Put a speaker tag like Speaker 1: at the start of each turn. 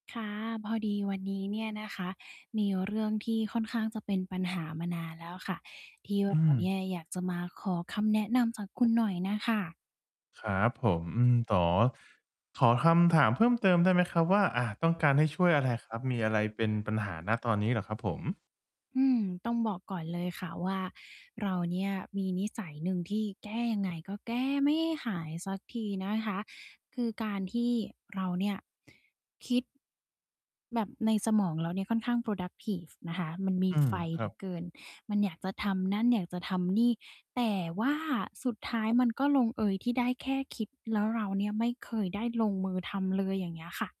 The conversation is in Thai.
Speaker 1: ค่ะ พอดีวันนี้เนี่ยนะคะ มีเรื่องที่ค่อนข้างจะเป็นปัญหามานานแล้วอะค่ะ ที่เ
Speaker 2: อ
Speaker 1: ร
Speaker 2: ื
Speaker 1: าเนี่
Speaker 2: ม
Speaker 1: ยอยากจะมาขอคำแนะนำจากคุณหน่อยน่ะค่ะ
Speaker 2: ครับผม อืม ต๋อ ขอคำถามเพิ่มเติมได้ไหมครับว่า อา ต้องการให้ช่วยอะไรครับ มีอะไรเป็นปัญหา ณ ตอนนี้เหรอครับผม?
Speaker 1: อืม ต้องบอกก่อนเลยค่ะว่า เราเนี่ยมีนิสัยหนึ่งที่แก้ยังไงก็แก้ไม่หายสักทีนะคะ คือการที่เราเนี่ยคิด แบบในสมองเราเนี่ยค่อนข้าง productive นะคะ มันมี
Speaker 2: อื
Speaker 1: ไ
Speaker 2: ม
Speaker 1: ฟ
Speaker 2: ค
Speaker 1: เห
Speaker 2: ร
Speaker 1: ล
Speaker 2: ั
Speaker 1: ื
Speaker 2: บ
Speaker 1: อเกิน มันอยากจะทำนั่น อยากจะทำนี่ แต่ว่าสุดท้ายมันก็ลงเอยที่ได้แค่คิด แล้วเราเนี่ยไม่เคยได้ลงมือทำเลย อย่างเงี้ยค่ะ